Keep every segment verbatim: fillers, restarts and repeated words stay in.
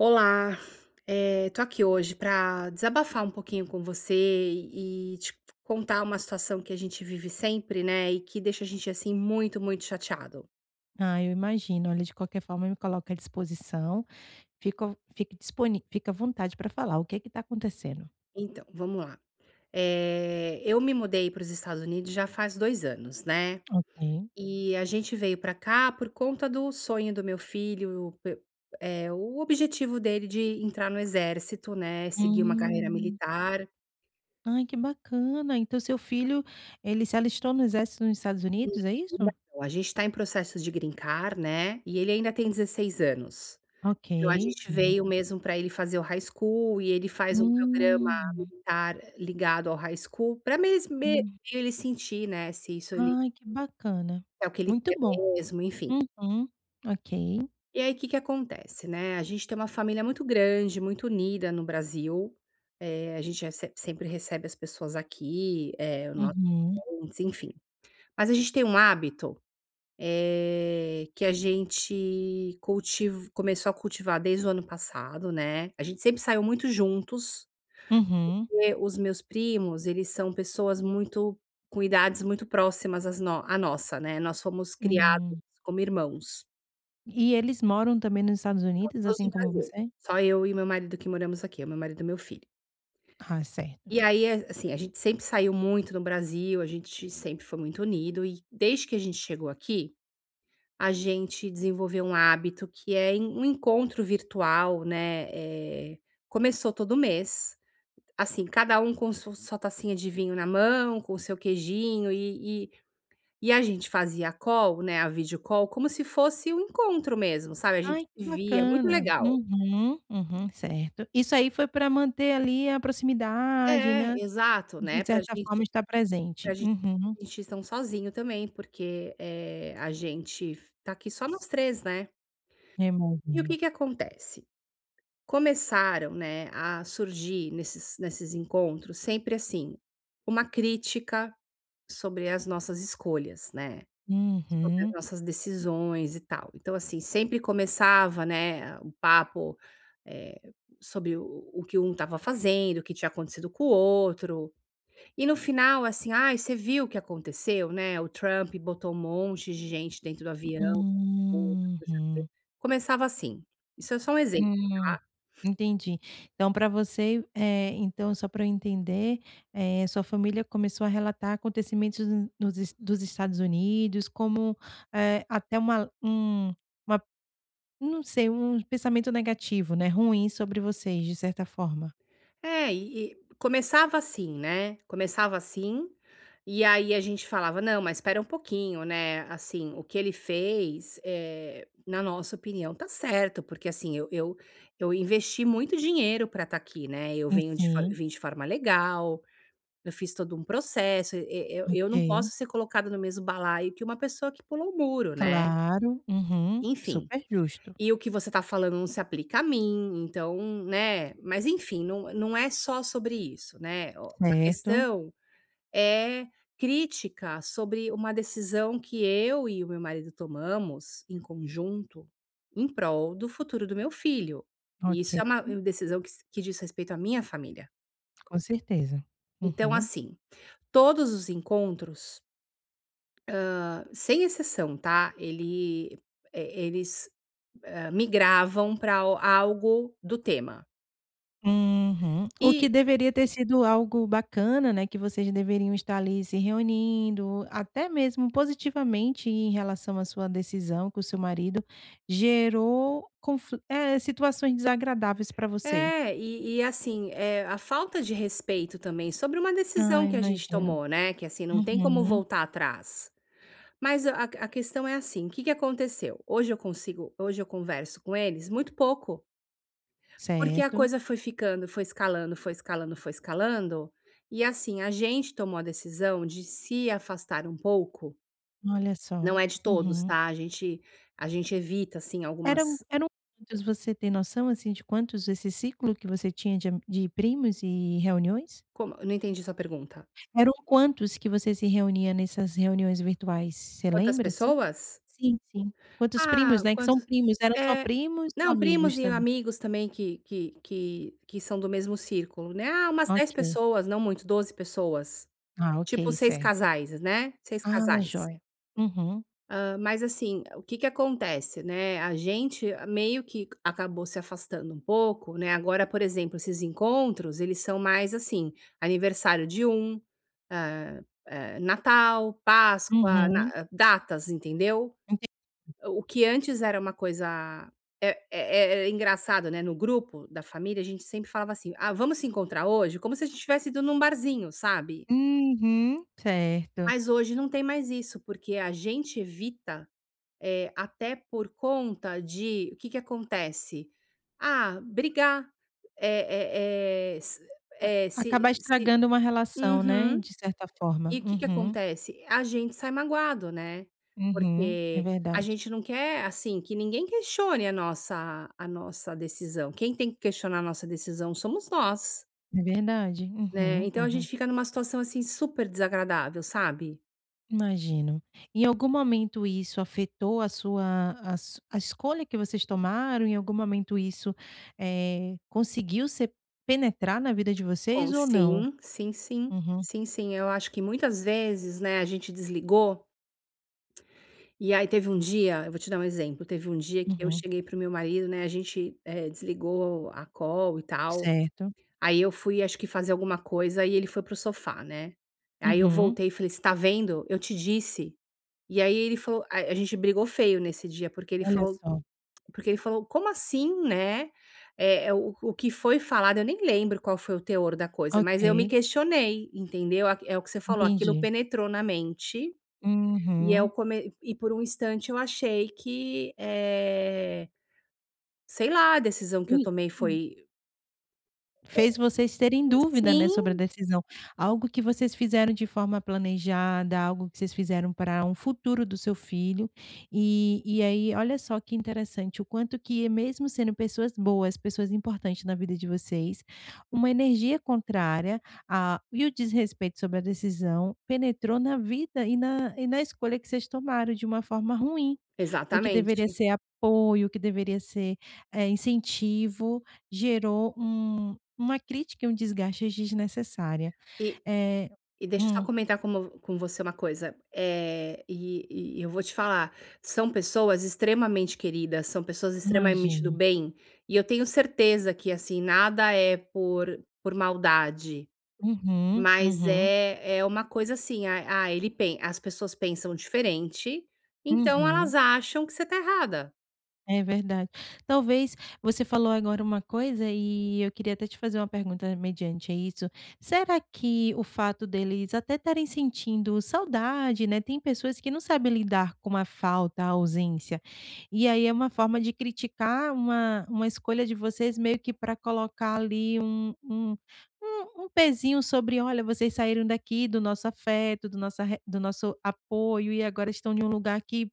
Olá, eh, tô aqui hoje pra desabafar um pouquinho com você e e te contar uma situação que a gente vive sempre, né, e que deixa a gente assim muito, muito chateado. Ah, eu imagino. Olha, de qualquer forma, eu me coloco à disposição, fico fica disponi fica à vontade pra falar. O que que está acontecendo? Então, vamos lá! Eh, eu me mudei para os Estados Unidos já faz dois anos, né, Ok. e a gente veio para cá por conta do sonho do meu filho, pe eh, o objetivo dele de entrar no Exército, né, seguir uma carreira Hum. militar. Ai, que bacana! Então, seu filho, ele se alistou no Exército nos Estados [unintelligible] Unidos, é isso? Não, a gente está em processo de Green Card, né, e ele ainda tem dezesseis anos. Ok, Então, a gente veio certo. mesmo pra ele fazer o high school e ele faz um programa Hum. militar ligado ao high school pra mes me Hum. ele sentir, né, se isso ele Ai, que bacana, é o que ele muito quer bom, mesmo, enfim. uhum, ok. E aí, o que que acontece, né, a gente tem uma família muito grande, muito unida no Brasil. Eh, a gente rece sempre recebe as pessoas aqui, eh, nós, Uhum. [unintelligible] enfim. Mas a gente tem um hábito, eh, que a gente cultiv começou a cultivar desde o ano passado, né, a gente sempre saiu muito juntos, Uhum. porque os meus primos, eles são pessoas muito com idades muito próximas às no à nossa, né. Nós fomos criados Hum. como irmãos. E eles moram também nos Estados Unidos, Todos no assim como Brasil, você? só eu e o meu marido que moramos aqui, meu marido e meu filho. Ah, certo. E aí, é a assim, a gente sempre saiu muito no Brasil, a gente sempre foi muito unido e, desde que a gente chegou aqui, a gente desenvolveu um hábito, que é en um encontro virtual, né, eh, começou todo mês assim, cada um com su sua tacinha de vinho na mão, com o seu queijinho e e e a gente fazia a call, né, a videocall, como se fosse um encontro mesmo, sabe, a gente Ai, que se via, muito bacana, legal. uhum, uhum, certo. Isso aí foi pra manter ali, a proximidade, né, É, exato, de né, pra a certa gente forma, está pra presente. gente Uhum. não se sentir tão sozinho também, porque, eh, a gente f tá aqui só nós três né? E o [unintelligible] que que acontece? Começaram, né, a surgir nesses nesses encontros, sempre assim, uma crítica sobre as nossas escolhas, né, sobre as Uhum. nossas decisões e tal. Então assim, sempre começava, né, a o papo, eh, sobre o o o que um estava fazendo, o que tinha acontecido com o outro e, no final, assim: "Ai, você viu o que aconteceu, né? O Trump botou um monte de gente dentro do avião" [unintelligible] Uhum. começava assim. Isso é só um exemplo, Hum, tá. entendi. Então para você, eh, então só para eu entender, eh, sua família começou a relatar acontecimentos no nos Es dos Estados Unidos como, eh, até uma, eh um uma não sei, um pensamento negativo, né, ruim sobre vocês, de certa forma. É, e e começava assim, né, começava assim, e aí a gente falava: "Não, mas espera um pouquinho, né, assim, o que ele fez, eh, na nossa opinião, está certo", porque assim, eu eu eu investi muito dinheiro para estar aqui, né, eu E venho de for sim. vim de forma legal, eu fiz todo um processo, e e eu não posso Ok. ser colocada no mesmo balaio que uma pessoa que pulou o muro, né Claro, uhum, enfim: super justo. "E o que você está falando não se aplica a mim, então", né, mas, enfim, não não é só sobre isso, né. O a Certo. questão é crítica sobre uma decisão que eu e o meu marido tomamos em conjunto, em prol do futuro do meu filho. E isso OK. é uma decisão que s que diz respeito à minha família. Com certeza, Então, uhum. assim, todos os encontros, hã, sem exceção, tá? Ele e e eles, ah, migravam pra al algo do tema. Uhum. O que E deveria ter sido algo bacana, né, que vocês deveriam estar ali, se reunindo, até mesmo positivamente, em relação à sua decisão, que o seu marido gerou confli é, situações desagradáveis pra você. É, e e, assim, é a falta de respeito também sobre uma decisão Ai, que a gente imagino. tomou, né, que, assim, não tem como Uhum. voltar atrás. Mas a a a questão é assim: o que que aconteceu? Hoje eu consigo hoje eu converso com eles muito pouco porque a Certo. coisa foi ficando, foi escalando, foi escalando, foi escalando e, assim, a gente tomou a decisão de se afastar um pouco Olha só, não é de todos, uhum. tá? A gente a gente evita assim algumas Eram eram quantos, você tem noção, assim, de quantos desse ciclo que você tinha de a de primos e reuniões? Como eu não entendi a sua pergunta. Eram quantos que você se reunia nessas reuniões virtuais? Você Quantas lembra assim? pessoas? Sim, sim, quantos primos, Ah, né, que são quantos primos, eram só eh. primos ou Não, primos amigos e também? amigos também, que que que que são do mesmo círculo, né. Ah, umas dez Ok. pessoas, não muito, doze pessoas, Ah, tipo, ok. seis Certo. casais, né, seis Ah, casais. joia. Uhum. Hã, mas, assim, o que que acontece, né, a gente meio que c acabou se afastando um pouco, né. Agora, por exemplo, esses encontros, eles são mais, assim, aniversário de um, eh eh, Natal, Páscoa, Uhum. na datas, entendeu? Entendi. O que antes era uma coisa é é é engraçado, né, no grupo da família, a gente sempre falava assim: "Ah, vamos se encontrar hoje?", como se a gente tivesse ido num barzinho, sabe. Uhum, certo. Mas hoje não tem mais isso, porque a gente evita, eh, até por conta de o que que acontece? Ah, brigar, eh eh eh, se Vai eh, se acabar se estragando uma relação, né, Uhum. de certa E forma. o que que Uhum. acontece? A gente sai magoado, né, Uhum. É porque a verdade. gente não quer, assim, que ninguém questione a nossa a nossa decisão. Quem tem que questionar a nossa decisão somos nós. É verdade. Né, Uhum, então a gente uhum. fica numa situação, assim, super desagradável, sabe. Imagino. Em algum momento, isso afetou a sua a su a escolha que vocês tomaram? Em algum momento isso, eh, conseguiu ser penetrar na vida de Com vocês ou não? Sim, sim, sim, Uhum. sim, sim. Eu acho que muitas vezes, né, a gente desligou e aí, teve um dia eu vou te dar um exemplo, teve um dia que eu Uhum. cheguei para o meu marido, né, a gente, eh, desligou a call e tal. Certo. Aí eu fui, acho que fazer alguma coisa e ele foi para o sofá, né, aí eu Uhum. voltei e falei: "Você tá vendo, eu te disse". E aí ele falou a a gente brigou feio nesse dia, porque ele Olha falou só. porque ele falou: "Como assim, né?". Eh, é o o que foi falado eu nem lembro qual foi o teor da coisa, mas eu me Ok. questionei, entendeu a q é o que você falou, aquilo Entendi. penetrou na mente e é o Uhum. come e por um instante eu achei que, eh, sei lá, a decisão que eu tomei [unintelligible] foi Fez vocês É, terem [unintelligible] dúvida, né, sobre a sim. decisão. Algo que vocês fizeram de forma planejada, algo que vocês fizeram pra um futuro do seu filho. Eh, e aí, olha só que interessante, o quanto que é mesmo sendo pessoas boas, pessoas importantes na vida de vocês, uma energia contrária, ah, e o desrespeito sobre a decisão penetrou na vida e na e na escolha que vocês tomaram, de uma forma ruim. O que deveria Exatamente. ser apoio, o que deveria ser, eh, incentivo, gerou um uma crítica e um desgaste desnecessária, Eh, eh e deixa eu só hum. comentar como com você uma coisa, eh, e e eu vou te falar são pessoas extremamente queridas, são pessoas extremamente do Imagino. bem. E eu tenho certeza que, assim, nada é por por maldade, Uhum, mas uhum. é é uma coisa assim. Ah ah, ele pen as pessoas pensam diferente, então elas Uhum. acham que você tá errada. É verdade. Talvez você falou agora uma coisa, eh, eu queria até te fazer uma pergunta, mediante a isso. Será que o fato deles até estarem sentindo saudade, né, têm pessoas que não sabem lidar com a falta, a ausência. E aí é uma forma de criticar uma uma escolha de vocês meio que pra colocar, ali, um um um um pezinho sobre: "Olha, vocês saíram daqui do nosso afeto, do nossa re do nosso apoio e agora estão em um lugar que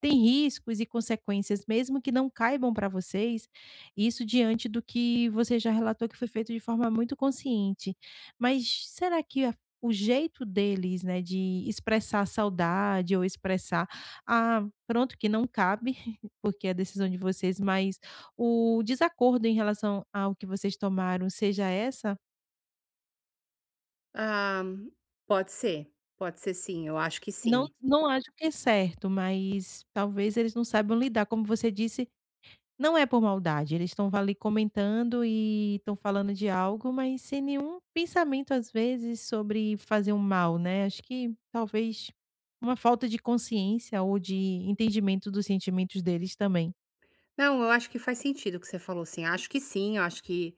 tem riscos e consequências, mesmo que não caibam pra vocês". Isso diante do que você já relatou que foi feito de forma muito consciente. Mas será que é o jeito deles, né, de expressar saudade ou expressar, ah, pronto, que não cabe, porque é a decisão de vocês, mas o desacordo em relação ao que vocês tomaram seja essa? Ah, pode ser, pode ser sim, eu acho que Não sim. não acho que é certo, mas, talvez, eles não saibam lidar, como você disse, não é por maldade, eles estão ali, comentando e estão falando de algo, mas sem nenhum pensamento, às vezes, sobre fazer um mal, né, acho que talvez uma falta de consciência ou de entendimento dos sentimentos deles também. Não, eu acho que faz sentido o que você falou sim, acho que sim, eu acho que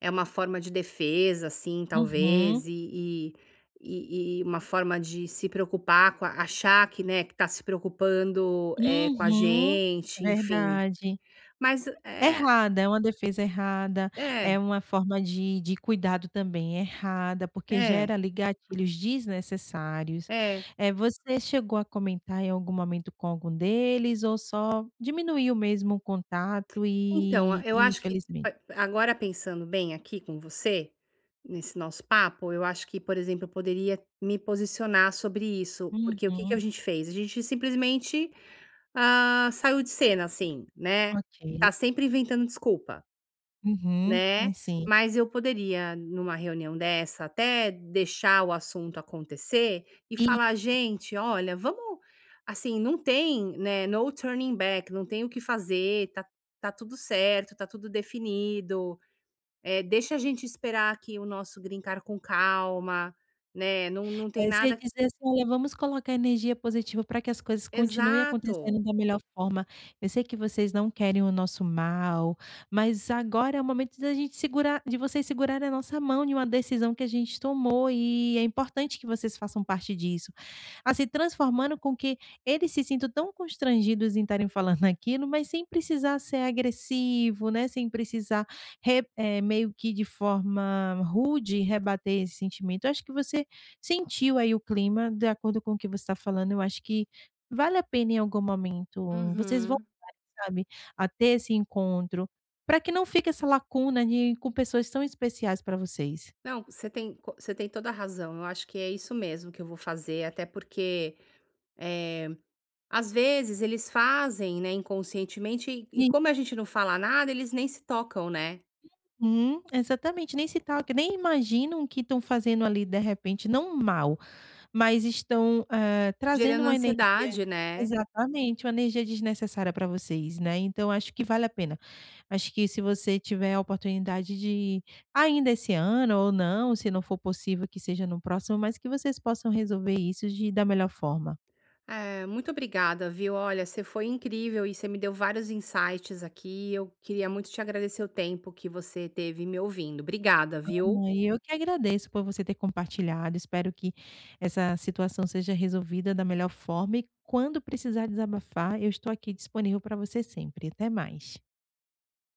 é uma forma de defesa, assim, Uhum. talvez e e e e uma forma de se preocupar com a achar que, né, que está se preocupando, eh, com a Uhum, gente, enfim, verdade. mas é Errada, é uma defesa errada, É. é uma forma de de cuidado também errada, porque É. gera ali, gatilhos desnecessários, É eh, você chegou a comentar, em algum momento, com algum deles ou só diminuiu mesmo o contato Então a e eu e acho que infelizmente a agora, pensando bem aqui com você, nesse nosso papo, eu acho que, por exemplo, eu poderia me posicionar sobre isso, porque o que que a Uhum. gente fez? A gente simplesmente, ah, saiu de cena assim, né, OK. está sempre inventando desculpa Uhum, né, e sim. mas eu poderia, numa reunião dessa, até deixar o assunto acontecer e E falar: "Gente, olha, vamos assim, não tem, né, no turning back, não tem o que fazer, tá tá tudo certo, tá tudo definido, eh, deixa a gente esperar aqui o nosso green card com calma, né, não não tem É, você nada". dizer assim: "Olha, vamos colocar energia positiva para que as coisas continuem Exato. acontecendo da melhor forma. Eu sei que vocês não querem o nosso mal, mas agora é o momento de a gente segurar de vocês segurarem a nossa mão de uma decisão que a gente tomou e é importante que vocês façam parte disso", assim, transformando com que eles se sintam tão constrangidos em estarem falando naquilo, mas sem precisar ser agressivo, né, sem precisar re é meio que de forma rude rebater esse sentimento. Eu acho que você sentiu aí, o clima, de acordo com o que você está falando. Eu acho que vale a pena em algum momento, vocês Uhum. voltarem sabe, a ter esse encontro para que não fique essa lacuna de com pessoas tão especiais para vocês. Não, você tem co você tem toda a razão, eu acho que é isso mesmo que eu vou fazer, até porque, eh, às vezes, eles fazem, né, Inconscientemente, e e I como a gente não fala nada, eles nem se tocam, né. Uhum, exatamente, nem se toquem, nem imaginam que estão fazendo ali, de repente, não mal, mas estão, eh, trazendo Gerando uma energia ansiedade, né. exatamente, uma energia desnecessária para vocês, né. Então, acho que vale a pena, acho que se você tiver a oportunidade de, ainda esse ano ou não, se não for possível, que seja no próximo, mas que vocês possam resolver isso de da melhor forma. É, muito obrigada, viu? Olha, você foi incrível e você me deu vários insights aqui e eu queria muito te agradecer o tempo que você esteve me ouvindo. Obrigada, viu. [unintelligible] Eu que agradeço por você ter compartilhado. Espero que essa situação seja resolvida da melhor forma e quando precisar desabafar, eu estou aqui disponível para você sempre e até mais.